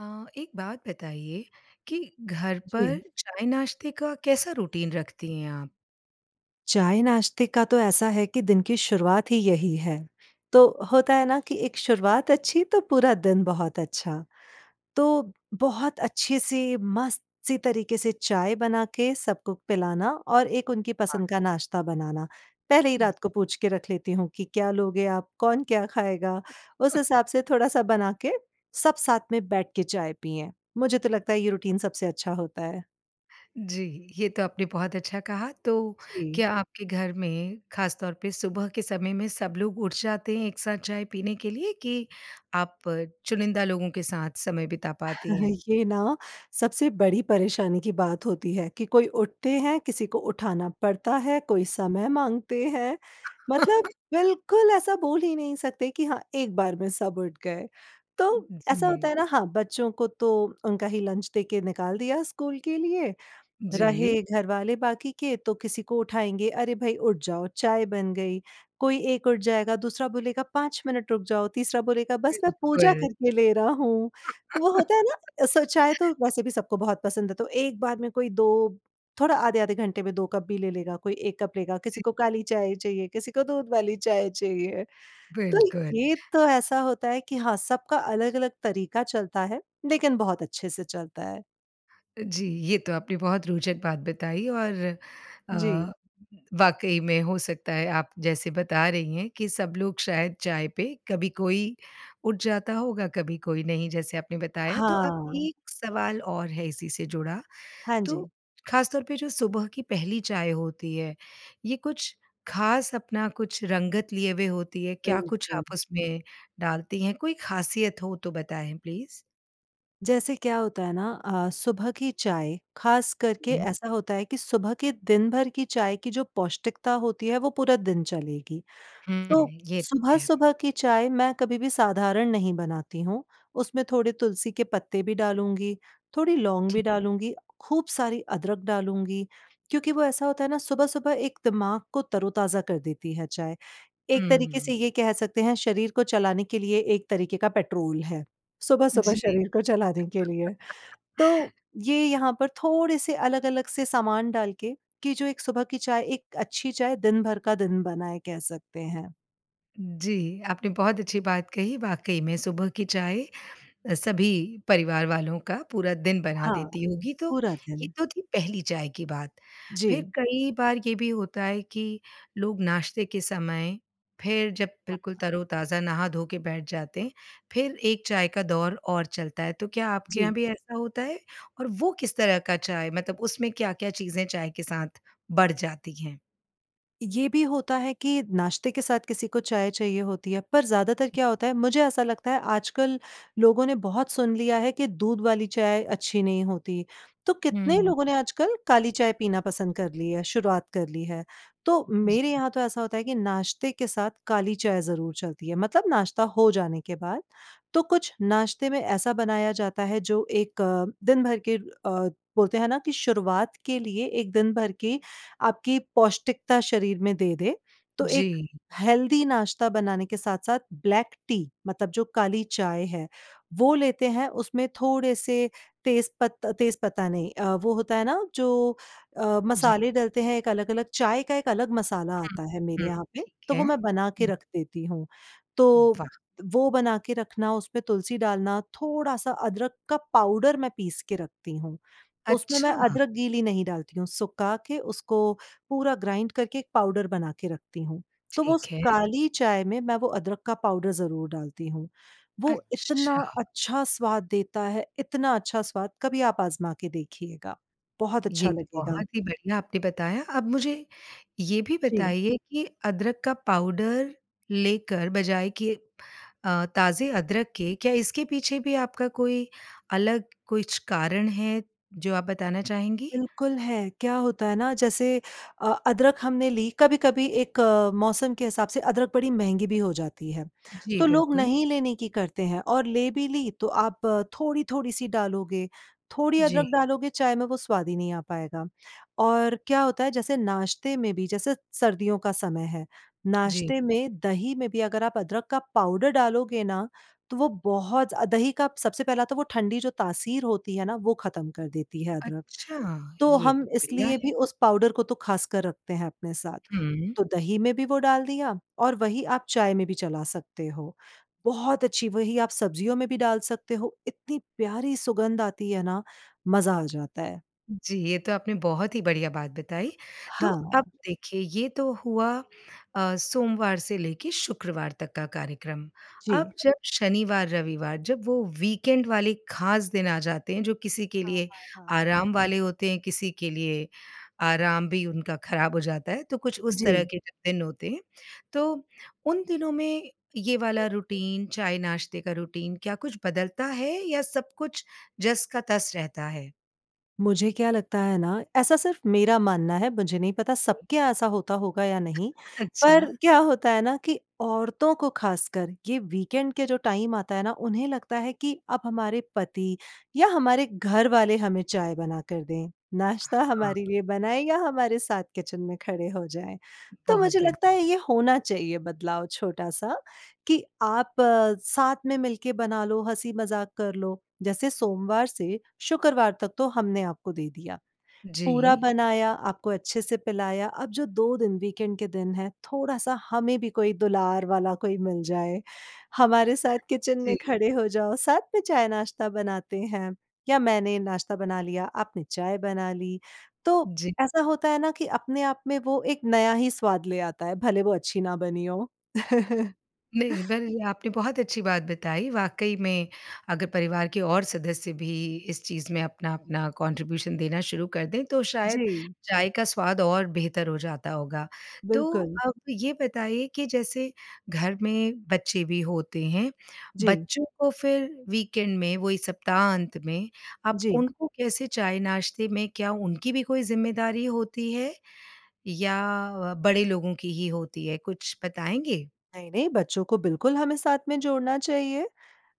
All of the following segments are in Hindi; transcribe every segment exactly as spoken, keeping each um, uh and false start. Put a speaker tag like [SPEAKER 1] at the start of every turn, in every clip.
[SPEAKER 1] अ, एक बात बताइए कि घर पर
[SPEAKER 2] जी।
[SPEAKER 1] चाय-नाश्ते का कैसा रूटीन रखती हैं आप?
[SPEAKER 2] चाय-नाश्ते का तो ऐसा है कि दिन की शुरुआत ही यही है। तो होता है ना कि एक शुरुआत अच्छी तो पूरा दिन बहुत अच्छा। तो बहुत अच्छे से मस्त-सी तरीके से चाय बना के सबको पिलाना और एक उनकी
[SPEAKER 1] हाँ।
[SPEAKER 2] पसंद का नाश्ता बनाना, पहले ही
[SPEAKER 1] जी।
[SPEAKER 2] रात को पूछ के रख लेती हूँ कि क्या लोगे आप? कौन क्या खाएगा? उस
[SPEAKER 1] अ
[SPEAKER 2] हिसाब से थोड़ा-सा बना के सब साथ में बैठ के चाय पिएँ। मुझे तो लगता है ये रूटीन सबसे अच्छा होता है।
[SPEAKER 1] जी, ये तो आपने बहुत अच्छा कहा तो
[SPEAKER 2] जी।
[SPEAKER 1] क्या आपके घर में, ख़ासतौर पे सुबह के समय में सब लोग उठ जाते हैं एक साथ चाय पीने के लिए कि आप चुनिंदा लोगों के साथ समय बिता पाती हैं?
[SPEAKER 2] ये ना सबसे बड़ी परेशानी की बात होती हैं कि कोई उठते हैं, किसी को उठाना पड़ता है, कोई समय माँगते हैं मतलब बिल्कुल ऐसा बोल ही नहीं सकते कि हाँ, एक बार में सब उठ गए। तो
[SPEAKER 1] अ,
[SPEAKER 2] ऐसा होता
[SPEAKER 1] जी।
[SPEAKER 2] है ना हाँ, बच्चों को तो उनका ही लंच दे के निकाल दिया स्कूल के लिए।
[SPEAKER 1] जी।
[SPEAKER 2] रहे घरवाले बाकी के तो किसी को उठाएँगे अरे भई उठ जाओ, चाय बन गई, कोई एक उठ जाएगा, दूसरा बोलेगा पाँच मिनट रुक जाओ, तीसरा बोलेगा बस मैं पूजा
[SPEAKER 1] बिल्कुल।
[SPEAKER 2] करके ले रहा हूँ। वो होता है ना? सो चाय तो वैसे भी सबको बहुत पसंद है तो एक बार में कोई दो थोड़ा आधे-आधे घंटे में दो कप भी ले लेगा कोई एक कप लेगा किसी
[SPEAKER 1] जी।
[SPEAKER 2] को काली चाय चाहिए, किसी को दूध वाली चाय चाहिए। तो
[SPEAKER 1] बिल्कुल।
[SPEAKER 2] ये तो ऐसा होता है कि हाँ, सबका अलग-अलग तरीका चलता है। लेकिन बहुत अच्छे से चलता है।
[SPEAKER 1] जी, ये तो आपने बहुत रोचक बात बताई और
[SPEAKER 2] जी।
[SPEAKER 1] अ, वाक़ई में हो सकता है आप जैसे बता रही हैं कि सब लोग शायद चाय पे कभी कोई उठ जाता होगा, कभी कोई नहीं जैसे आपने बताया तो अब
[SPEAKER 2] हाँ।
[SPEAKER 1] एक सवाल और है इसी से जुड़ा,
[SPEAKER 2] हाँ जी।
[SPEAKER 1] तो ख़ासतौर पे जो सुबह की पहली चाय होती है, ये कुछ ख़ास अपना कुछ रंगत लिए हुए होती है क्या कुछ
[SPEAKER 2] बिल्कुल।
[SPEAKER 1] आप उसमें डालती हैं कोई ख़ासियत हो तो बताएँ प्लीज़?
[SPEAKER 2] जैसे क्या होता है ना अ, सुबह की चाय, ख़ास करके
[SPEAKER 1] हुँ।
[SPEAKER 2] ऐसा होता है कि सुबह के दिन-भर की चाय की जो पौष्टिकता होती है वो पूरा दिन चलेगी।
[SPEAKER 1] हुँ,
[SPEAKER 2] तो
[SPEAKER 1] ये तो है।
[SPEAKER 2] सुबह-सुबह की चाय मैं कभी भी साधारण नहीं बनाती हूँ, उसमें थोड़े तुलसी के पत्ते भी डालूँगी, थोड़ी लौंग भी
[SPEAKER 1] ठीक।
[SPEAKER 2] डालूँगी, खूब सारी अदरक डालूँगी क्योंकि वो ऐसा होता है न सुबह-सुबह एक दिमाग को तरो-ताजा कर देती है चाय। एक तरीके से
[SPEAKER 1] हुँ।
[SPEAKER 2] ये कह सकते हैं शरीर को चलाने के लिए एक तरीके का पेट्रोल है, सुबह-सुबह
[SPEAKER 1] जी।
[SPEAKER 2] शरीर को चलाने के लिए। तो ये यहाँ पर थोड़े से अलग अलग से सामान डाल के, कि जो एक सुबह की चाय एक अच्छी चाय दिन-भर का दिन बनाए कह सकते हैं।
[SPEAKER 1] जी, आपने बहुत अच्छी बात कही, वाक़ई में सुबह की चाय अ, सभी परिवार वालों का पूरा दिन बना
[SPEAKER 2] हाँ,
[SPEAKER 1] देती होगी तो,
[SPEAKER 2] पूरा
[SPEAKER 1] ये
[SPEAKER 2] दिन।
[SPEAKER 1] तो थी पहली चाय की बात। फिर
[SPEAKER 2] जी।
[SPEAKER 1] कई बार ये भी होता है कि लोग नाश्ते के समय फिर जब बिल्कुल
[SPEAKER 2] हाँ।
[SPEAKER 1] तरो-ताज़ा नहा धो के बैठ जाते हैं, फिर एक चाय का दौर और चलता है, तो क्या आपके
[SPEAKER 2] जी।
[SPEAKER 1] यहाँ भी ऐसा होता है? और वो किस तरह का चाय मतलब उसमें क्या क्या चीज़ें चाय के साथ बढ़ जाती हैं?
[SPEAKER 2] ये भी होता है कि नाश्ते के साथ किसी को चाय चाहिए होती है पर ज़्यादातर क्या होता है मुझे ऐसा लगता है आजकल लोगों ने बहुत सुन लिया है कि दूध वाली चाय अच्छी नहीं होती। तो कितने
[SPEAKER 1] हुँ।
[SPEAKER 2] लोगों ने आजकल काली चाय पीना पसंद कर लिया, शुरुआत कर ली है। तो
[SPEAKER 1] जी।
[SPEAKER 2] मेरे यहाँ तो ऐसा होता है कि नाश्ते के साथ काली चाय ज़रूर चलती है मतलब नाश्ता हो जाने के बाद। तो कुछ नाश्ते में ऐसा बनाया जाता है जो एक अ, दिन-भर के अ, बोलते हैं ना कि शुरुआत के लिए एक दिन-भर की आपकी पौष्टिकता शरीर में दे दे, तो एक
[SPEAKER 1] जी।
[SPEAKER 2] हेल्दी नाश्ता बनाने के साथ-साथ ब्लैक टी मतलब जो काली चाय है वो लेते हैं उसमें थोड़े से तेज पत्ता तेज पत्ता नहीं अ, वो होता है ना जो अ,
[SPEAKER 1] जी।
[SPEAKER 2] मसाले डालते हैं एक अलग अलग, चाय का एक अलग मसाला
[SPEAKER 1] हुँ,
[SPEAKER 2] आता है मेरे
[SPEAKER 1] हुँ,
[SPEAKER 2] यहाँ पे,
[SPEAKER 1] ठीक
[SPEAKER 2] तो
[SPEAKER 1] है,
[SPEAKER 2] वो मैं बना के
[SPEAKER 1] हुँ।
[SPEAKER 2] रख देती हूँ। तो
[SPEAKER 1] वाह!
[SPEAKER 2] वो बनाके रखना उस पे तुलसी डालना थोड़ा सा अदरक का पाउडर मैं पीस के रखती हूँ, उसमें मैं
[SPEAKER 1] अच्छा।
[SPEAKER 2] अदरक गीली नहीं डालती हूँ सुखा के उसको पूरा ग्राइंड करके एक पाउडर बनाके रखती हूँ। तो वो उस
[SPEAKER 1] ठीक है।
[SPEAKER 2] काली चाय में मैं वो अदरक का पाउडर ज़रूर डालती हूँ। वो इतना
[SPEAKER 1] अच्छा।
[SPEAKER 2] अच्छा स्वाद देता है इतना अच्छा स्वाद, कभी आप आज़मा के देखिएगा बहुत अच्छा
[SPEAKER 1] ये तो
[SPEAKER 2] लगेगा।
[SPEAKER 1] बहुत ही बढ़िया आपने बताया। अब मुझे ये भी
[SPEAKER 2] जी।
[SPEAKER 1] बताइए कि अदरक का पाउडर लेकर बजाय कि अ, ताज़े अदरक के, क्या इसके पीछे भी आपका कोई अलग कुछ कारण है जो आप बताना चाहेंगी?
[SPEAKER 2] बिल्कुल है, क्या होता है ना जैसे अ, अदरक हमने ली कभी-कभी एक मौसम के हिसाब से अदरक बड़ी महँगी भी हो जाती है,
[SPEAKER 1] जी
[SPEAKER 2] तो लोग
[SPEAKER 1] बिल्कुल।
[SPEAKER 2] नहीं लेने की करते हैं और ले भी ली तो आप थोड़ी-थोड़ी सी डालोगे, थोड़ी अदरक
[SPEAKER 1] जी।
[SPEAKER 2] डालोगे चाय में वो स्वाद ही नहीं आ पाएगा। और क्या होता है जैसे नाश्ते में भी जैसे सर्दियों का समय है
[SPEAKER 1] जी।
[SPEAKER 2] नाश्ते में दही में भी अगर आप अदरक का पाउडर डालोगे ना तो वो बहुत दही का सबसे पहला तो वो ठंडी जो तासीर होती है ना वो ख़त्म कर देती है अदरक,
[SPEAKER 1] अच्छा!
[SPEAKER 2] तो
[SPEAKER 1] ये तो
[SPEAKER 2] हम
[SPEAKER 1] बढ़िया
[SPEAKER 2] इसलिए
[SPEAKER 1] है।
[SPEAKER 2] भी उस पाउडर को तो ख़ासकर रखते हैं अपने साथ।
[SPEAKER 1] हुँ।
[SPEAKER 2] तो दही में भी वो डाल दिया और वही आप चाय में भी चला सकते हो। बहुत अच्छी वही आप सब्जियों में भी डाल सकते हो इतनी प्यारी सुगंध आती है ना, मजा आ जाता है।
[SPEAKER 1] जी, ये तो आपने बहुत ही बढ़िया बात बताई, तो
[SPEAKER 2] हाँ।
[SPEAKER 1] अब देखिए ये तो हुआ अ, सोमवार से लेके शुक्रवार तक का कार्यक्रम,
[SPEAKER 2] जी।
[SPEAKER 1] अब जब शनिवार रविवार, जब वो वीकेंड वाले ख़ास दिन आ जाते हैं जो किसी के
[SPEAKER 2] हाँ,
[SPEAKER 1] लिए
[SPEAKER 2] हाँ, हाँ।
[SPEAKER 1] आराम वाले होते हैं किसी के लिए आराम भी उनका खराब हो जाता है तो कुछ उस तरह
[SPEAKER 2] जी।
[SPEAKER 1] के जो दिन होते हैं, तो उन दिनों में ये वाला रुटीन, चाय-नाश्ते का रुटीन क्या कुछ बदलता है या सब कुछ जस का तस रहता है?
[SPEAKER 2] मुझे क्या लगता है ना, ऐसा सिर्फ मेरा मानना है मुझे नहीं पता
[SPEAKER 1] जी।
[SPEAKER 2] सबके यहाँ ऐसा होता होगा या नहीं, पर
[SPEAKER 1] अच्छा।
[SPEAKER 2] क्या होता है न कि औरतों को ख़ासकर ये वीकेंड के जो टाइम आता है ना उन्हें लगता है कि अब हमारे पति या हमारे घर वाले हमें चाय बना कर दें। नाश्ता
[SPEAKER 1] हाँ।
[SPEAKER 2] हमारे लिए बनाएँ या हमारे साथ किचन में खड़े हो जाएँ। तो
[SPEAKER 1] बहुत
[SPEAKER 2] मुझे
[SPEAKER 1] बढ़ि
[SPEAKER 2] लगता है ये होना चाहिए बदलाव छोटा-सा कि आप साथ में मिल के बना लो हँसी-मजाक कर लो जैसे सोमवार से शुक्रवार तक तो हमने आपको दे दिया, पूरा
[SPEAKER 1] जी।
[SPEAKER 2] बनाया आपको अच्छे से पिलाया अब जो दो दिन वीकेंड के दिन हैं थोड़ा-सा हमें भी कोई दुलार वाला कोई मिल जाए, हमारे साथ किचन में
[SPEAKER 1] जी।
[SPEAKER 2] खड़े हो जाओ साथ में चाय नाश्ता बनाते हैं, या मैंने नाश्ता बना लिया आपने चाय बना ली। तो,
[SPEAKER 1] जी।
[SPEAKER 2] ऐसा होता है ना कि अपने आप में वो एक नया ही स्वाद ले आता है भले वो अच्छी न बनी हो।
[SPEAKER 1] नहीं, बल ये आपने बहुत अच्छी बात बताई, वाक़ई में अगर परिवार के और सदस्य भी इस चीज़ में अपना-अपना कॉन्ट्रिब्यूशन देना शुरू कर दें तो शायद
[SPEAKER 2] जी।
[SPEAKER 1] चाय का स्वाद और बेहतर हो जाता होगा। तो
[SPEAKER 2] बिल्कुल।
[SPEAKER 1] अब ये बताइए कि जैसे घर में बच्चे भी होते हैं,
[SPEAKER 2] जी।
[SPEAKER 1] बच्चों को फिर वीकेंड में वही सप्ताहांत में, अब
[SPEAKER 2] जी।
[SPEAKER 1] उनको कैसे चाय-नाश्ते में क्या उनकी भी कोई ज़िम्मेदारी होती है या बड़े लोगों की ही होती है कुछ बताएँगे?
[SPEAKER 2] नहीं, नहीं, बच्चों को बिल्कुल हमें साथ में जोड़ना चाहिए।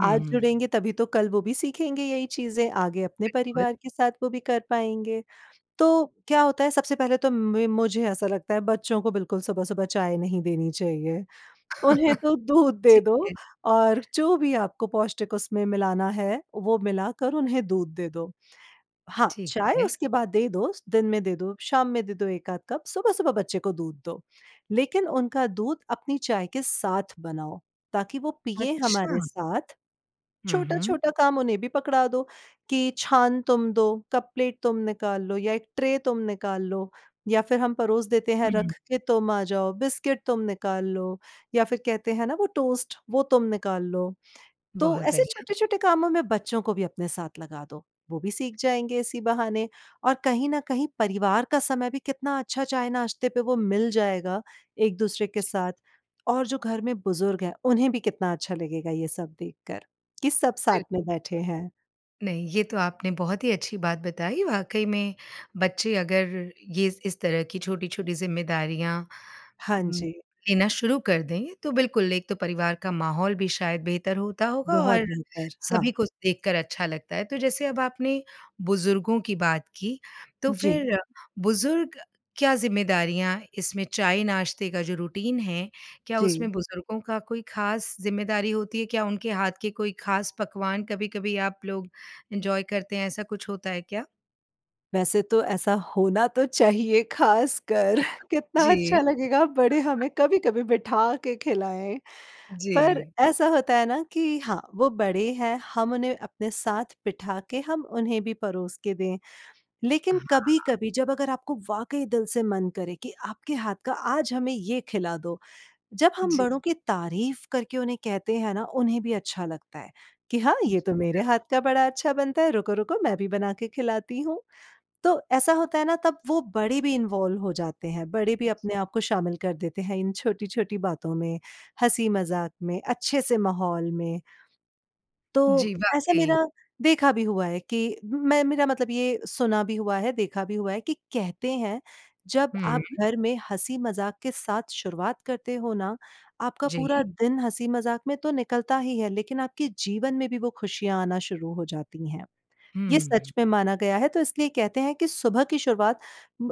[SPEAKER 1] हुँ,
[SPEAKER 2] आज
[SPEAKER 1] हुँ।
[SPEAKER 2] जुड़ेंगे तभी तो कल वो भी सीखेंगे यही चीज़ें, आगे अपने
[SPEAKER 1] बिल्कुल।
[SPEAKER 2] परिवार के साथ वो भी कर पाएँगे। तो क्या होता है सबसे पहले तो म मुझे ऐसा लगता है बच्चों को बिल्कुल सुबह-सुबह चाय नहीं देनी चाहिए। उन्हें तो दूध दे
[SPEAKER 1] ठीक
[SPEAKER 2] दो
[SPEAKER 1] है।
[SPEAKER 2] और जो भी आपको पौष्टिक उसमें मिलाना, है वो मिलाकर उन्हें दूध दे दो। हाँ,
[SPEAKER 1] ठीक
[SPEAKER 2] चाय
[SPEAKER 1] है।
[SPEAKER 2] उसके बाद दे दो दिन में दे दो शाम में दो एक आध कप सुबह सुबह बच्चे को दूध दो, लेकिन उनका दूध अपनी चाय के साथ बनाओ ताकि वो पिएँ हमारे
[SPEAKER 1] अच्छा।
[SPEAKER 2] साथ।
[SPEAKER 1] हुँ, हुँ।
[SPEAKER 2] छोटा-छोटा काम उन्हें भी पकड़ा दो कि छान तुम दो, कप प्लेट तुम निकाल लो या एक ट्रे तुम निकाल लो या फिर हम परोस देते हैं रख
[SPEAKER 1] हुँ।
[SPEAKER 2] के तुम आ जाओ, बिस्किट तुम निकाल लो या फिर कहते हैं ना वो टोस्ट, वो तुम निकाल लो। तो
[SPEAKER 1] बहुत
[SPEAKER 2] ऐसे
[SPEAKER 1] बढ़िया।
[SPEAKER 2] छोटे छोटे कामों में बच्चों को भी अपने साथ लगा दो, वो भी सीख जाएँगे इसी बहाने और कहीं न कहीं परिवार का समय भी कितना अच्छा चाय-नाश्ते पे वो मिल जाएगा एक-दूसरे के
[SPEAKER 1] जी।
[SPEAKER 2] साथ और जो घर में बुज़ुर्ग हैं, उन्हें भी कितना अच्छा लगेगा ये सब देखकर कि सब साथ
[SPEAKER 1] बिल
[SPEAKER 2] में बैठे हैं।
[SPEAKER 1] नहीं, ये तो आपने बहुत ही अच्छी बात बताई, वाक़ई में बच्चे अगर ये इस तरह की छोटी-छोटी जिम्मेदारियाँ
[SPEAKER 2] हाँ
[SPEAKER 1] म
[SPEAKER 2] जी।
[SPEAKER 1] लेना शुरू कर दें तो बिल्कुल, एक तो परिवार का माहौल भी शायद बेहतर होता होगा
[SPEAKER 2] बहुत
[SPEAKER 1] और
[SPEAKER 2] बेहतर, हाँ।
[SPEAKER 1] सभी को देखकर अच्छा लगता है, तो जैसे अब आपने बुजुर्गों की बात की, तो
[SPEAKER 2] जी।
[SPEAKER 1] फिर बुज़ुर्ग क्या जिम्मेदारियाँ इसमें चाय-नाश्ते का जो रुटीन है, क्या
[SPEAKER 2] जी।
[SPEAKER 1] उसमें बुजुर्गों का कोई ख़ास ज़िम्मेदारी होती है? क्या उनके हाथ की कोई ख़ास पकवान कभी-कभी आप लोग इन्जॉय करते हैं ऐसा कुछ होता है क्या?
[SPEAKER 2] वैसे तो ऐसा होना तो चाहिए ख़ासकर कितना
[SPEAKER 1] जी।
[SPEAKER 2] अच्छा लगेगा बड़े हमें कभी कभी बिठा के खिलाएँ। पर
[SPEAKER 1] जी।
[SPEAKER 2] ऐसा होता है ना कि हाँ, वो बड़े हैं हम उन्हें अपने साथ बिठा के हम उन्हें भी परोस के दें। लेकिन
[SPEAKER 1] हाँ।
[SPEAKER 2] कभी-कभी जब अगर आपको वाक़ई दिल से मन करे कि आपके हाथ का आज हमें ये खिला दो, जब हम
[SPEAKER 1] जी।
[SPEAKER 2] बड़ों की तारीफ करके उन्हें कहते हैं ना उन्हें भी अच्छा लगता है कि हाँ, ये
[SPEAKER 1] जी
[SPEAKER 2] तो मेरे
[SPEAKER 1] बिल्क
[SPEAKER 2] हाथ का बड़ा अच्छा बनता है, रुको रुको मैं भी बना के खिलाती हूँ। तो ऐसा होता है ना तब वो बड़े भी इनवॉल्व हो जाते हैं, बड़े भी अपने आप को शामिल कर देते हैं इन छोटी-छोटी बातों में, हँसी मजाक में अच्छे से माहौल में। तो
[SPEAKER 1] जी,
[SPEAKER 2] ऐसा
[SPEAKER 1] वाक़ई।
[SPEAKER 2] मेरा देखा भी हुआ है कि मैं मेरा मतलब ये सुना भी हुआ है देखा भी हुआ है कि कहते हैं, जब
[SPEAKER 1] हुँ।
[SPEAKER 2] आप घर में हँसी-मजाक के साथ शुरुआत करते हो ना आपका पूरा
[SPEAKER 1] जी।
[SPEAKER 2] दिन हँसी-मजाक में तो निकलता ही है लेकिन आपके जीवन में भी वो खुशियाँ आना शुरू हो जाती हैं। ये सच
[SPEAKER 1] हुँ।
[SPEAKER 2] में माना गया है तो इसलिए कहते हैं कि सुबह की शुरुआत,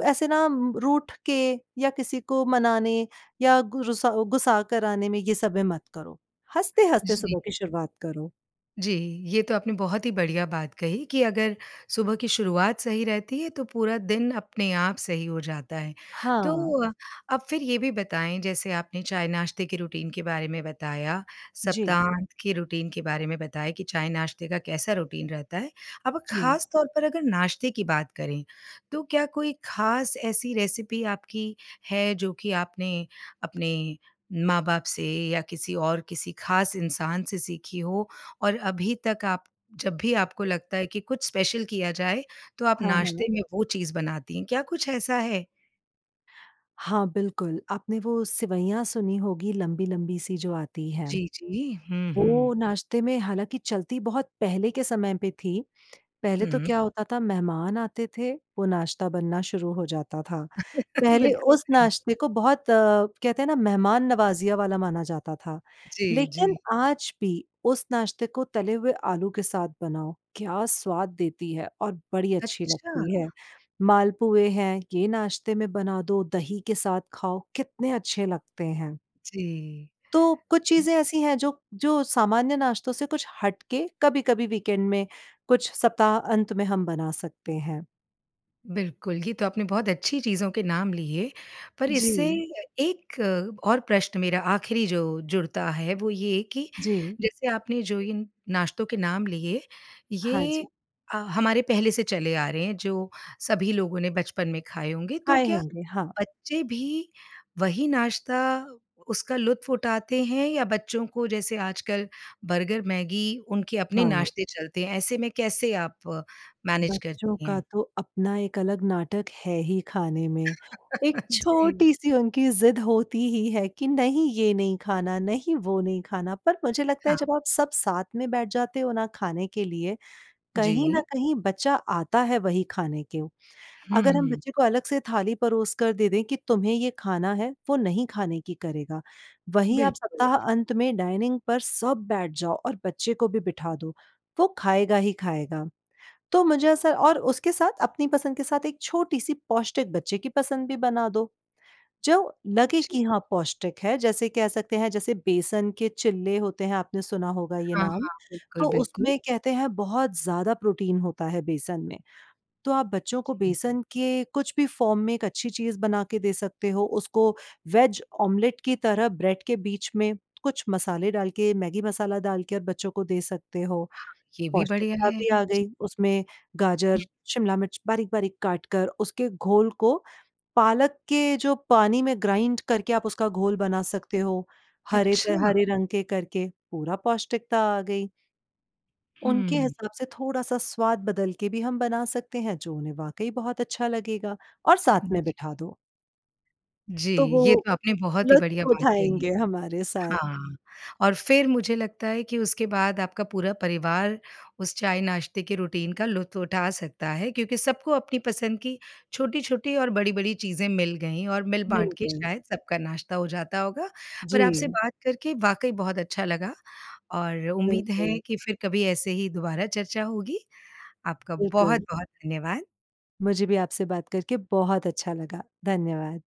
[SPEAKER 2] ऐसे ना रूठ के या किसी को मनाने या गु रूसा गुस्सा कराने में ये सब में मत करो, हँसते-हँसते
[SPEAKER 1] जी।
[SPEAKER 2] सुबह की शुरुआत करो।
[SPEAKER 1] जी, ये तो आपने बहुत ही बढ़िया बात कही कि अगर सुबह की शुरुआत सही रहती है तो पूरा दिन अपने आप सही हो जाता है। तो
[SPEAKER 2] हाँ।
[SPEAKER 1] अब फिर ये भी बताएँ जैसे आपने चाय-नाश्ते के रुटीन के बारे में बताया,
[SPEAKER 2] जी।
[SPEAKER 1] सप्ताहांत के रुटीन के बारे में बताएँ कि चाय-नाश्ते का कैसा रुटीन रहता है? अब
[SPEAKER 2] जी।
[SPEAKER 1] ख़ासतौर पर अगर नाश्ते की बात करें, तो क्या कोई ख़ास ऐसी रेसिपी आपकी है जो कि आपने अपने माँ-बाप से या किसी और किसी ख़ास इंसान से सीखी हो, और अभी तक आप जब भी आपको लगता है की कुछ स्पेशल किया जाए, तो आप
[SPEAKER 2] हाँ,
[SPEAKER 1] नाश्ते
[SPEAKER 2] हाँ।
[SPEAKER 1] में वो चीज़ बनाती हैं क्या कुछ ऐसा है?
[SPEAKER 2] हाँ बिल्कुल, आपने वो सिवैयाँ सुनी होगी लंबी-लंबी सी जो आती हैं।
[SPEAKER 1] जी, जी, हुँ,
[SPEAKER 2] वो
[SPEAKER 1] हुँ।
[SPEAKER 2] नाश्ते में हालाँकि चलती बहुत पहले के समय पे थीं, पहले तो
[SPEAKER 1] हुँ।
[SPEAKER 2] क्या होता था मेहमान आते थे, वो नाश्ता बनना शुरू हो जाता था। पहले
[SPEAKER 1] बिल्कुल
[SPEAKER 2] उस
[SPEAKER 1] सही।
[SPEAKER 2] नाश्ते को बहुत कहते हैं ना मेहमान नवाजिया वाला माना जाता था,
[SPEAKER 1] जी,
[SPEAKER 2] लेकिन
[SPEAKER 1] जी।
[SPEAKER 2] आज भी उस नाश्ते को तले हुए आलू के साथ बनाओ क्या स्वाद देती है और बड़ी अच्छी
[SPEAKER 1] अच्छा।
[SPEAKER 2] लगती है। मालपुए हैं, ये नाश्ते में बना दो दही के साथ खाओ कितने अच्छे लगते हैं।
[SPEAKER 1] जी।
[SPEAKER 2] तो कुछ
[SPEAKER 1] [unintelligible]
[SPEAKER 2] चीज़ें ऐसी हैं जो जो सामान्य नाश्तों से कुछ हट के कभी-कभी वीकेंड में कुछ सप्ताहांत में हम बना सकते हैं।
[SPEAKER 1] बिल्कुल, ये तो आपने बहुत अच्छी चीज़ों के नाम लिए, पर इससे
[SPEAKER 2] जी।
[SPEAKER 1] एक और प्रश्न मेरा आख़िरी जो जुड़ता है वो ये कि
[SPEAKER 2] जी।
[SPEAKER 1] जैसे आपने जो इन नाश्तों के नाम लिए,
[SPEAKER 2] हाँ
[SPEAKER 1] ये
[SPEAKER 2] जी।
[SPEAKER 1] अ, हमारे पहले से चले आ रहे हैं जो सभी लोगों ने बचपन में खाए होंगे तो
[SPEAKER 2] आए
[SPEAKER 1] क्या
[SPEAKER 2] होंगे, हाँ।
[SPEAKER 1] बच्चे भी वही नाश्ता उसका लुत्फ़ उठाते हैं या बच्चों को जैसे आजकल बर्गर मैगी, उनके अपने
[SPEAKER 2] हाँ।
[SPEAKER 1] नाश्ते चलते हैं ऐसे में कैसे आप मैनेज
[SPEAKER 2] बच्चों
[SPEAKER 1] करती
[SPEAKER 2] का
[SPEAKER 1] हैं?
[SPEAKER 2] तो अपना एक अलग नाटक है ही खाने में, एक
[SPEAKER 1] जी।
[SPEAKER 2] छोटी-सी उनकी ज़िद होती ही है कि नहीं ये नहीं खाना, नहीं वो नहीं खाना पर मुझे लगता है
[SPEAKER 1] हाँ।
[SPEAKER 2] जब आप सब साथ में बैठ जाते हो ना खाने के लिए, कहीं न
[SPEAKER 1] जी।
[SPEAKER 2] कहीं बच्चा आता है वहीं खाने को। अगर हम
[SPEAKER 1] हुँ।
[SPEAKER 2] बच्चे को अलग से थाली परोस कर दे दें कि तुम्हें ये खाना है वो नहीं खाने की करेगा, वहीं आप
[SPEAKER 1] बिल्कुल।
[SPEAKER 2] सप्ताहांत में डाइनिंग पर सब बैठ जाओ और बच्चे को भी बिठा दो, वो खाएगा ही खाएगा। तो मुझे ऐसा और उसके साथ अपनी पसंद के साथ एक छोटी-सी पौष्टिक बच्चे की पसंद भी बना दो जो लगे
[SPEAKER 1] जी।
[SPEAKER 2] कि हाँ, पौष्टिक है जैसे कह सकते हैं जैसे बेसन के चीले होते हैं आपने सुना होगा ये
[SPEAKER 1] हाँ,
[SPEAKER 2] नाम,
[SPEAKER 1] हाँ, बिल्कुल,
[SPEAKER 2] तो
[SPEAKER 1] बिल्कुल।
[SPEAKER 2] उसमें कहते हैं बहुत ज़्यादा प्रोटीन होता है बेसन में। तो आप बच्चों को
[SPEAKER 1] हुँ।
[SPEAKER 2] बेसन के कुछ भी फॉर्म में एक अच्छी चीज़ बना के दे सकते हो उसको वेज ऑमलेट की तरह ब्रेड के बीच में कुछ मसाले डाल के, मैगी मसाला डाल के बच्चों को दे सकते हो।
[SPEAKER 1] हाँ, ये भी बढ़िया
[SPEAKER 2] पौष्टिकता
[SPEAKER 1] है।
[SPEAKER 2] भी आ
[SPEAKER 1] जी।
[SPEAKER 2] गई उसमें गाजर,
[SPEAKER 1] हुँ।
[SPEAKER 2] शिमला मिर्च बारीक-बारीक काट कर उसके घोल को पालक के जो पानी में ग्राइन्ड करके आप उसका घोल बना सकते हो। हरे त
[SPEAKER 1] अच्छा!
[SPEAKER 2] हरे रंग के करके, पूरा पौष्टिकता आ गई। उनके
[SPEAKER 1] हुँ।
[SPEAKER 2] हिसाब से थोड़ा-सा स्वाद बदल के भी हम बना सकते हैं जो उन्हें वाक़ई बहुत अच्छा लगेगा, और साथ में
[SPEAKER 1] जी।
[SPEAKER 2] बिठा दो।
[SPEAKER 1] जी,
[SPEAKER 2] तो वो
[SPEAKER 1] ये तो आपने बहुत ही बढ़िया
[SPEAKER 2] लुत्फ़
[SPEAKER 1] बात कही,
[SPEAKER 2] उठाएँगे हमारे साथ।
[SPEAKER 1] हाँ, और फिर मुझे लगता है कि उसके बाद आपका पूरा परिवार उस चाय-नाश्ते के रुटीन का लुत्फ़ उठा सकता है क्योंकि सबको अपनी पसंद की छोटी-छोटी और बड़ी-बड़ी चीज़ें मिल गईं और
[SPEAKER 2] मिल
[SPEAKER 1] मिल-बाँट के
[SPEAKER 2] गई।
[SPEAKER 1] शायद सबका नाश्ता हो जाता होगा। पर आपसे
[SPEAKER 2] जी।
[SPEAKER 1] बात करके वाक़ई बहुत अच्छा लगा और उम्मीद
[SPEAKER 2] बिल्कुल।
[SPEAKER 1] है कि फिर कभी ऐसे ही दोबारा चर्चा होगी। आपका
[SPEAKER 2] बिल्कुल।
[SPEAKER 1] बहुत-बहुत धन्यवाद।
[SPEAKER 2] मुझे भी आपसे बात करके बहुत अच्छा लगा। धन्यवाद।